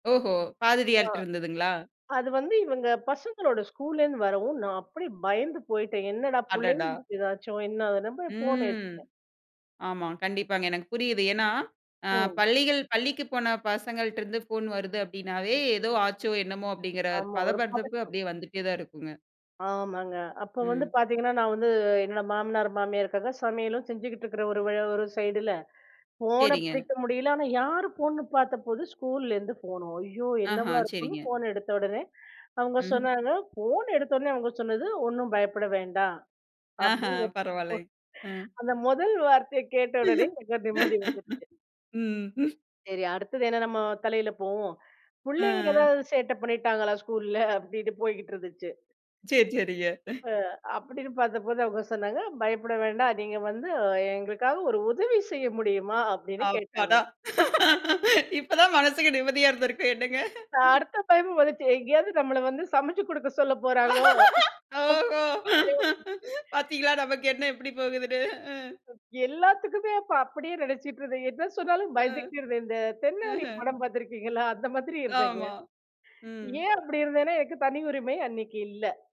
ஓஹோ! ஆ, பாதிரியார்ட இருந்ததுங்களா? அது வந்து இவுங்க பசங்களோட ஸ்கூல்ல இருந்து வரவும், நான் அப்படியே பயந்து போயிட்டேன். என்னடா அடடா! புள்ளைங்களுக்கு ஏதாச்சும், என்ன அதுன்னு நான் போய் போன் ம். எடுத்தேன். ஆமா, கண்டிப்பாங்க. எனக்கு புரியுது. ஏன்னா, ஆ ம். பள்ளிகள் பள்ளிக்கு போன பசங்கள்ட்ட இருந்து போன் வருது அப்படினாவே, ஏதோ ஆச்சோ! என்னமோ! அப்படிங்கிற ஆமா, ஒரு பதபதப்பு பதட்டம். அப்படியே வந்துட்டே தான் இருக்குங்க. ஆமாங்க. அப்ப வந்து ம். பாத்தீங்கன்னா, நான் வந்து என்னோட மாமனார், மாமியாருக்காக சமையலும் செஞ்சுகிட்டு இருக்கிற ஒரு வ ஒரு சைடுல, போனை சரிங்க. பிடிக்க முடியல. ஆனா, யார் போன்னு பாத்தப்போ, ஸ்கூல்ல இருந்து போன். அய்யோ! ஆஹா, என்னவா இருக்கும்னு சரிங்க. போன் எடுத்த உடனே அவங்க ம். சொன்னாங்க, போன் எடுத்த உடனே அவங்க சொன்னது ஒண்ணும் பயப்பட வேண்டாம். ஆஹா, அப்படடி பரவால்லங்க. ம். [unintelligible] அந்த முதல் வார்த்தைய கேட்ட உடனே எனக்குலா நிம்மதி வந்துருச்சு. ம். ம். சரி, அடுத்தது என்ன நம்ம தலையில போகும்? ஆ. புள்ளைங்க ஏதாவது சேட்டை பண்ணிட்டாங்களா ஸ்கூல்ல? அப்படின்னு போய்கிட்டு இருந்துச்சு. சரி, சரிங்க. அ. அப்படின்னு பாத்தப்போது அவுங்க சொன்னாங்க, பயப்பட வேண்டாம். நீங்க வந்து எங்களுக்காக ஒரு உதவி செய்ய முடியுமா? அப்படின்னு அப்பாடா! கேட்டாங்க. இப்ப தான் மனசுக்கு நிம்மதியா இருந்திருக்கும், என்னங்க? அடுத்த பயம் வந்துச்சு. எங்கேயாவது நம்மள வந்து சமைச்சு கொடுக்க சொல்லப் போறாங்களோ? ஓஹோ! [unintelligible] பாத்தீங்களா நமக்கு எண்ணம் எப்படி போகுதுன்னு? அ. எல்லாத்துக்குமே இப்ப அப்படியே நெனைச்சுட்டு இருந்தே. என்ன சொன்னாலும் அ, பயந்துகிட்டு இருந்தேன். இந்த தென்னாலி ஆஹ. படம் பாத்திருக்கீங்களா? அந்த மாதிரி இருந்தேங்க. ஆமா, ம். ஏன் அப்படி இருந்தேன்னா, எனக்கு தனி உரிமை அன்னைக்கு இல்ல.